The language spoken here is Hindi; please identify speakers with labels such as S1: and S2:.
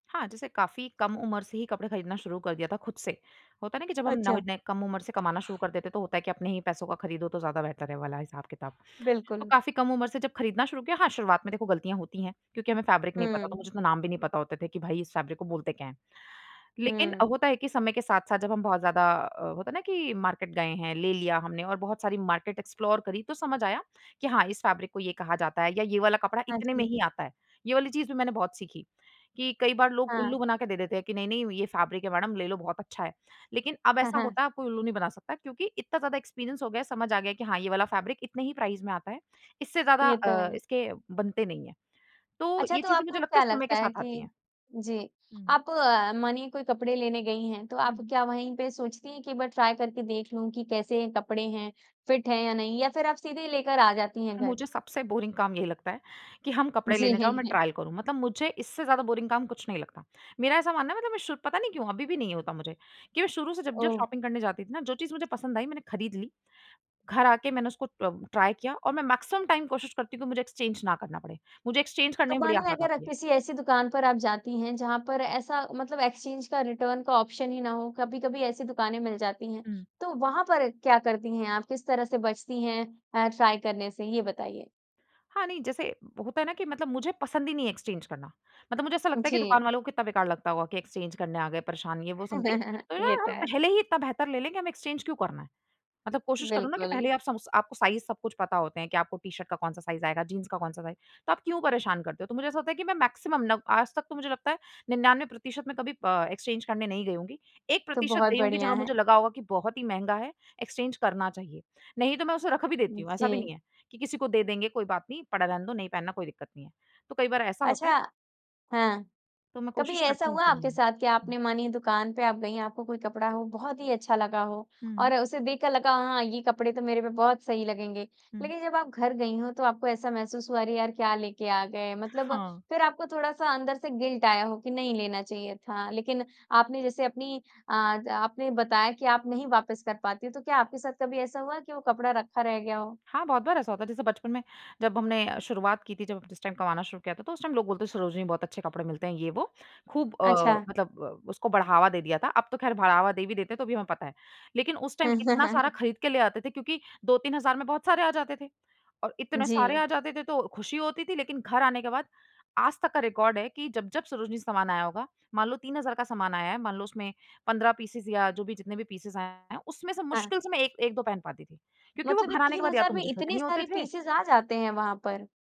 S1: हाँ। जैसे काफ़ी कम उम्र से ही कपड़े खरीदना शुरू कर दिया था खुद से। होता है ना कि जब हम न
S2: अच्छा।
S1: नए कम उम्र से कमाना शुरू कर देते हैं तो होता है कि अपने ही पैसों का खरीदो तो ज़्यादा बेहतर है, वो वाला हिसाब-किताब। तो
S2: बिल्कुल।
S1: काफ़ी कम उम्र से जब खरीदना शुरू किया हाँ शुरुआत में देखो गलतियाँ होती हैं, क्योंकि हमें फैब्रिक नहीं पता, तो मुझे
S2: हुँ।
S1: इतना नाम भी नहीं पता होता थे कि भई इस फैब्रिक को बोलते क्या हैं। लेकिन
S2: हुँ।
S1: होता है कि समय के साथ-साथ जब हम बहुत ज़्यादा अ, होता है ना कि मार्केट गए हैं, ले लिया हमने और बहुत सारी मार्केट एक्सप्लोर करीं तो समझ आया, कि हाँ इस फैब्रिक को ये कहा जाता है, या ये वाला कपड़ा
S2: हाँ
S1: इतने में ही
S2: जी।
S1: आता है। ये वाली चीज़ भी मैंने बहुत सीखी, कि कई बार लोग उल्लू
S2: हाँ।
S1: बना के दे देते हैं कि, "नहीं, नहीं ये फैब्रिक है मैडम, ले लो बहुत अच्छा है"। लेकिन अब
S2: हाँ,
S1: ऐसा
S2: हाँ।
S1: होता, अब कोई उल्लू नहीं बना सकता क्योंकि इतना ज़्यादा एक्सपीरियंस हो गया है, समझ आ गया कि हाँ ये वाला फैब्रिक इतने ही प्राइस में आता है। इससे ज़्यादा
S2: ये तो
S1: अ,
S2: है।
S1: इसके बनते नहीं हैं। तो
S2: अच्छा
S1: ये
S2: तो
S1: चीज़ें मुझे
S2: आपको
S1: लगता है
S2: क्या
S1: समय के
S2: लगता है
S1: साथ आती है।
S2: कि जी।
S1: हुँ।
S2: आप अ, मानिए कोई कपड़े लेने गयी हैं, तो
S1: हुँ,
S2: आप
S1: हुँ।
S2: क्या वही पे सोचती है कि एक बार ट्राई करके देख लूँ की कैसे कपड़े हैं, फ़िट है या नहीं, या फिर आप सीधे ही लेकर आ जाती हैं घर?
S1: मुझे सबसे बोरिंग काम यही लगता है कि हम कपड़े
S2: जी।
S1: लेने जाओ,
S2: हैं,
S1: मैं
S2: हैं।
S1: ट्रायल करूँ। मतलब मुझे इससे ज़्यादा बोरिंग काम कुछ नहीं लगता। मेरा ऐसा मानना है मतलब मैं शू पता नहीं क्यों अभी भी नहीं होता मुझे, कि मैं शुरू से जब-जब
S2: ओह!
S1: शॉपिंग करने जाती थी ना, जो चीज़ मुझे पसंद आई, मैंने खरीद ली। घर आके मैंने उसको तब ट्राई किया और मैं मैक्सिमम टाइम कोशिश करती हूँ कि मुझे एक्सचेंज ना करना पड़े। मुझे एक्सचेंज करने
S2: तो
S1: में बड़ी
S2: मानो
S1: आफ़त
S2: अगर आप
S1: आती है।
S2: किसी ऐसी दुकान पर आप जाती हैं, जहाँ पर ऐसा मतलब एक्सचेंज का, रिटर्न का ऑप्शन ही ना हो, कभी-कभी ऐसी दुकानें मिल जाती हैं।
S1: हुँ।
S2: तो वहाँ पर क्या करती हैं आप, किस तरह से बचती हैं अ, ट्राई करने से, ये बताइए।
S1: हाँ ,नहीं, जैसे होता है ना कि मतलब मुझे पसंद ही नहीं है एक्सचेंज करना। मतलब मुझे ऐसा लगता है कि
S2: जी।
S1: दुकान वालों को कितना बेकार लगता होगा कि एक्सचेंज करने आ गए, परेशान ये, वो समथिंग। तो
S2: ये
S1: यार,
S2: तो
S1: हम
S2: है।
S1: पहले ही इतना बेहतर ले लेंगे हमें एक्सचेंज क्यों करना है। मतलब कोशिश करो ना कि पहले
S2: बिल्कुल।
S1: आप सम्स आपको साइज़ सब कुछ पता होते हैं कि आपको टी-शर्ट का कौन-सा साइज़ आएगा, जीन्स का कौन-सा साइज़। तो आप क्यों परेशान करते हो? तो मुझे ऐसा लगता है कि मैं मैक्सिमम नव आज तक तो मुझे लगता है 99% मैं कभी अ, एक्सचेंज करने नहीं गई होऊँगी। एक
S2: तो
S1: प्रतिशत
S2: बहुत
S1: गई होऊँगी
S2: बढ़िया
S1: जहाँ
S2: है।
S1: मुझे लगा होगा कि बहुत ही महँगा है, एक्सचेंज करना चाहिए। नहीं तो मैं उसे रख भी देती हूँ, ऐसा भी नहीं
S2: जी।
S1: है कि किसी को दे देंगे कोई बात नहीं, पड़ा रहने दो, नहीं पहनना कोई दिक्कत नहीं है। तो कई बार ऐसा होता है।
S2: अच्छा। हाँ।
S1: तो मैं
S2: कभी
S1: कोशिश
S2: ऐसा
S1: करती हूँ
S2: हुआ
S1: कि
S2: आपके
S1: नहीं
S2: साथ कि
S1: हुँ।
S2: आपने मानिए दुकान पे आप गई, आपको कोई कपड़ा हो बहुत ही अच्छा लगा हो,
S1: हुँ।
S2: और उसे देखकर लगा हाँ ये कपड़े तो मेरे पे बहुत सही लगेंगे।
S1: हुँ।
S2: लेकिन जब आप घर गई हों, तो आपको ऐसा महसूस हुआ, अरे यार क्या लेके आ गए। मतलब
S1: हाँ।
S2: फिर आपको थोड़ा-सा अंदर से गिल्ट आया हो कि नहीं लेना चाहिए था। लेकिन आपने जैसे अपनी अ ज आपने बताया कि आप नहीं वापस कर पाती हो, तो क्या आपके साथ कभी ऐसा हुआ कि वो कपड़ा रखा रह गया हो?
S1: हाँ बहुत बार ऐसा होता है, जैसे बचपन में जब हमने अ, शुरुआत की थी जब जिस टाइम कमाना शुरू किया था, तो उस टाइम लोग बोलते सरोजिनी में बहुत अच्छे कपड़े मिलते हैं, ये वो। खूब अ,
S2: अच्छा।
S1: मतलब अ, उसको बढ़ावा दे दिया था। अब तो ख़ैर बढ़ावा दे भी देते हैं, तो भी हमें पता है। लेकिन उस टाइम इतना सारा खरीद के ले आते थे क्योंकि 2-3,000 में बहुत सारे आ जाते थे। और इतने सारे
S2: जी।
S1: आ जाते थे तो खुशी होती थी, लेकिन घर आने के बाद आज तक का रिकॉर्ड है कि जब-जब सरोजिनी से सामान आया होगा, मान लो 3,000 का सामान आया है, मान लो उसमें 15 पीसेज़ या जो भी जितने भी पीसेज़ आए हैं, उसमें से
S2: हाँ।
S1: मुश्किल से मैं एक एक-2 पहन पाती थी। क्योंकि वो
S2: मतलब ये
S1: घर आने के
S2: 3
S1: बाद या
S2: हज़ार
S1: तो
S2: में
S1: मुझे फिट
S2: इतने
S1: नहीं होते
S2: सारे
S1: थे
S2: पीसेज़ आ जाते हैं वहाँ पर?